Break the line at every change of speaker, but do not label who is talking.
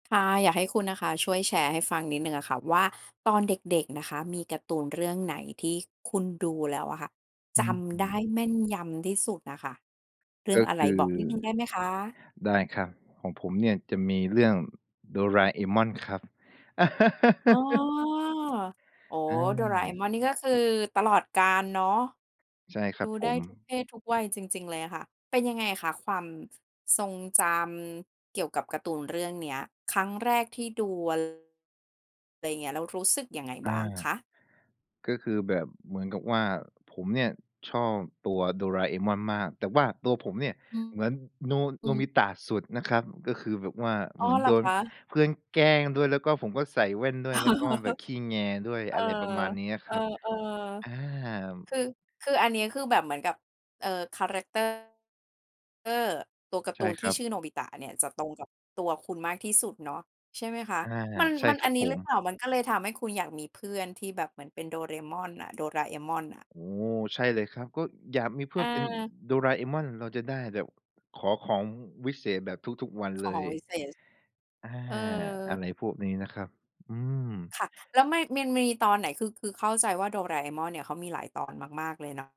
ค่ะ อยากให้คุณนะคะ ช่วยแชร์ให้ฟังนิดหนึ่งอะค่ะว่า ตอนเด็ก ๆ นะคะ มีการ์ตูนเรื่องไหนที่คุณดูแล้วอะค่ะ
อ
จ
ือ
ำไ
ฮ
ด้
ึ
แม่นยำที่สุดอะค่ะ? เรื่
ก
อง
็
อะไ
ค
ร
ือ
บอกนิดหนึ่งได้ไหมคะ?
ได้ครับ ของผมเนี่ยจะมีเรื่อง Doraemon ครับ
อ้อ โอ้โ
อ
ฮ
า
Doraemon นี่ก็คือตลอดกาลเนาะ
ใช่คร
ด
ั
ู
บผ
ได้
ม
ทุกเพศทุกวัยจริง ๆ เลยอะค่ะ เป็นยังไงคะ ความทรงจำเกี่ยวกับการ์ตูนเรื่องเนี้ย? ครั้งแรกที่ดูวัน อะไรอย่างเงี้ย แล้วรู้สึกยังไง
อา
บ้างคะ?
ก็คือแบบเหมือนกับว่า ผมเนี่ยชอบตัว Doraemon มาก แต่ว่าตัวผมเนี่ย
อืม
เหมือนโน
อ
โ
ื
นบ
ม
ิตะสุดนะครับ ก็คือแบบว่า
อ
เ
๋
ห
อ
มือน
เหร
โด
อค
น
ะ?
เพื่อนแกล้งด้วย แล้วก็ผมก็ใส่แว่นด้วย แล้วก็แบบขี้แงด้วย
เออ
อะไรประมาณนี้อะค
เอ
รับ
อ
อา
ๆ คือ คืออันนี้คือแบบเหมือนกับ เอ่อ แครักเตอร์ เอ่อ ตัวการ์
ใ
ต
ช
ู
่
น
ค
ที
ร
่
ั
ช
บ
ื่อโนบิตะเนี่ยจะตรงกับตัวคุณมากที่สุดเนาะ ใช่ไหมคะ?
อา
มัน
ใช่
มัน
คร
อ
ั
ั
บ
นนี
ผ
้หรื
ม
อเปล่า มันก็เลยทำให้คุณอยากมีเพื่อนที่แบบ เหมือนเป็น Doraemon อะ Doraemon น่ะ?
โอ้โฮ ใช่เลยครับ ก็อยากมีเพื่อนเป็น
เออ
Doraemon เราจะได้แบบขอของวิเศษแบบทุก ๆ วัน
ข
เล
อง
ย
วิเศษ
อา
เออ
อะไรพวกนี้นะครับ อืม
ค่ะ แล้วไม่ มันมีตอนไหน คือ คือเข้าใจว่า Doraemon เนี่ย เขามีหลายตอนมาก ๆ เลยนะ